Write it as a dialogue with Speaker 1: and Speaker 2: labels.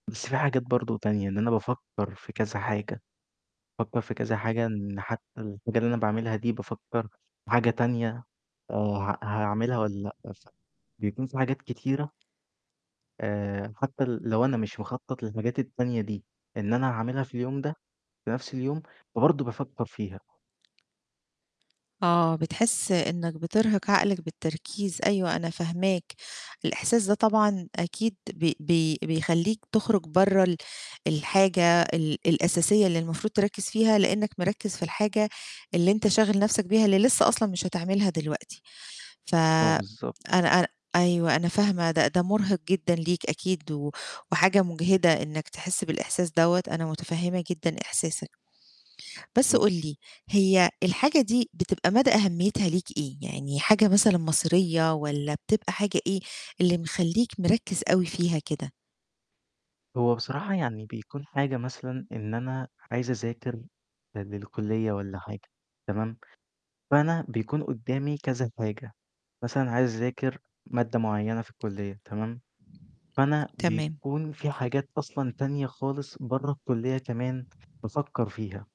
Speaker 1: بس في حاجات برضه تانية إن أنا بافكّر في كذا حاجة، بافكّر في كذا حاجة إن حتّى الحاجة اللي أنا باعملها دي بافكّر في حاجة تانية آآ ها هاعملها والَّا لأ، ف بيكون في حاجات كتيرة آآ حتّى ل لو أنا مش مخطط للحاجات التانية دي إن أنا هاعملها في اليوم ده، في نفْس اليوم، فبرضه بافكّر فيها.
Speaker 2: آه. بتحس إنك بترهق عقلك بالتركيز أيوه أنا فاهماك، الإحساس ده طبعًا أكيد بي بي بيخلّيك تخرج برّه ال الحاجة ال الأساسية اللي المفروض تركّز فيها لأنك مركّز في الحاجة اللي أنت شاغل نفْسك بيها اللي لسّه أصلًا مش هتعملها دلوقتي، ف
Speaker 1: آه بالضبط.
Speaker 2: أنا أنا أيوه، أنا فاهمة ده ده مرهق جدًا ليك أكيد و وحاجة مجهدة إنك تحس بالإحساس دوّة أنا متفهمة جدًا إحساسك، بس
Speaker 1: امم.
Speaker 2: قُل لي هي الحاجة دي بتبقى مدى أهميتها ليك إيه؟ يعني حاجة مثلًا مصيرية والَّا بتبقى حاجة إيه اللي مخلّيك مركّز أوي فيها كده؟
Speaker 1: هو بصراحة يعني بيكون حاجة مثلًا إن أنا عايز اذاكر ل للكلية والَّا حاجة، تمام، فأنا بيكون قدّامي كذا حاجة، مثلًا عايز اذاكر مادة معيّنة في الكلية تمام، فأنا
Speaker 2: تمام.
Speaker 1: بيكون في حاجات أصلًا تانية خالص برّه الكلية كمان بافكّر فيها.